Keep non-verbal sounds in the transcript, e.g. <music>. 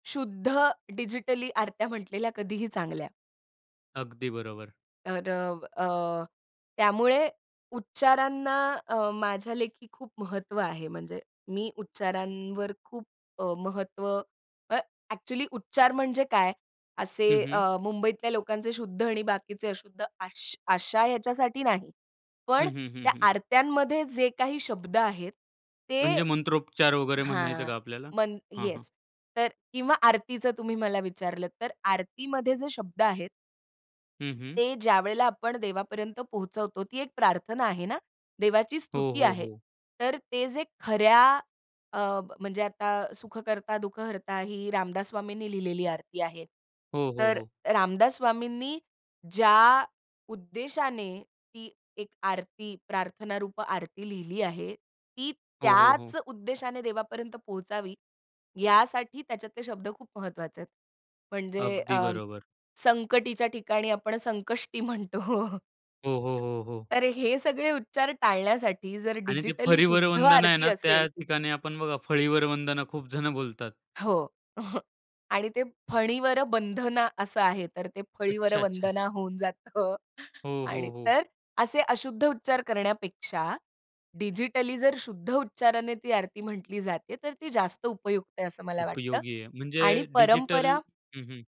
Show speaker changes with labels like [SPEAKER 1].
[SPEAKER 1] शुद्ध डिजिटली आरत्या म्हटलेल्या कधीही चांगल्या.
[SPEAKER 2] अगदी बरोबर.
[SPEAKER 1] तर अ, अ, त्यामुळे उच्चारांना अ, माझ्या लेखी खूप महत्त्व आहे. म्हणजे मी उच्चारांवर खूप अ, महत्त्व अ, ॲक्चुअली उच्चार म्हणजे काय? असे
[SPEAKER 2] हं, हं.
[SPEAKER 1] अ, मुंबईतल्या लोकांचे शुद्ध आणि बाकीचे अशुद्ध अश आशा याच्यासाठी नाही.
[SPEAKER 2] हं,
[SPEAKER 1] पण
[SPEAKER 2] हं, हं,
[SPEAKER 1] त्या
[SPEAKER 2] हं.
[SPEAKER 1] आरत्यांमध्ये जे काही शब्द आहेत, ते
[SPEAKER 2] म्हणजे मंत्रोपचार वगैरे म्हणायचं
[SPEAKER 1] हां,
[SPEAKER 2] का आपल्याला
[SPEAKER 1] मन
[SPEAKER 2] हां, हां.
[SPEAKER 1] येस, तर किंवा आरतीचं तुम्ही मला विचारलत तर आरतीमध्ये जे शब्द आहेत
[SPEAKER 2] हं, हं.
[SPEAKER 1] ते ज्यावेळेला आपण देवापर्यंत पोहचवतो ती एक प्रार्थना आहे ना? देवाची
[SPEAKER 2] हो,
[SPEAKER 1] स्तुती
[SPEAKER 2] हो,
[SPEAKER 1] आहे.
[SPEAKER 2] हो.
[SPEAKER 1] तर ते जे खऱ्या अ, म्हणजे आता, सुख कर्ता दुःख हर्ता ही रामदास स्वामींनी लिहिलेली आरती आहे.
[SPEAKER 2] हो, हो,
[SPEAKER 1] तर
[SPEAKER 2] हो.
[SPEAKER 1] रामदास स्वामींनी ज्या उद्देशाने ती एक आरती प्रार्थना रूप आरती लिहिली आहे, ती
[SPEAKER 2] हो, हो, हो.
[SPEAKER 1] त्याच उद्देशाने देवापर्यंत पोहोचावी यासाठी त्याच्यात ते शब्द खूप महत्वाचे आहेत. म्हणजे
[SPEAKER 2] अगदी
[SPEAKER 1] अ,
[SPEAKER 2] बरोबर.
[SPEAKER 1] संकटीच्या ठिकाणी आपण संकष्टी म्हणतो.
[SPEAKER 2] हो, हो, हो, हो.
[SPEAKER 1] तर हे सगळे उच्चार टाळण्यासाठी जर
[SPEAKER 2] आणि ते
[SPEAKER 1] डिजिटली
[SPEAKER 2] फरीवर
[SPEAKER 1] शुद्ध
[SPEAKER 2] वंदना आहे
[SPEAKER 1] आरती
[SPEAKER 2] ना, त्या
[SPEAKER 1] असेल
[SPEAKER 2] ठिकाणी आपण बघा फळीवर वंदना खूप जण बोलतात.
[SPEAKER 1] हो, <chuckles> आणि ते फळीवर बंधना असं आहे तर ते फळीवर
[SPEAKER 2] अच्छा, अच्छा!
[SPEAKER 1] वंदना होऊन जातं
[SPEAKER 2] हो,
[SPEAKER 1] आणि
[SPEAKER 2] हो, हो.
[SPEAKER 1] तर असे अशुद्ध उच्चार करण्यापेक्षा, डिजिटली जर शुद्ध उच्चाराने ती आरती म्हटली जाते तर ती जास्त उपयुक्त आहे असं मला वाटतं
[SPEAKER 2] उपयोगी आहे म्हणजे
[SPEAKER 1] आणि
[SPEAKER 2] डिजिटल
[SPEAKER 1] परंपरा
[SPEAKER 2] हं, हं.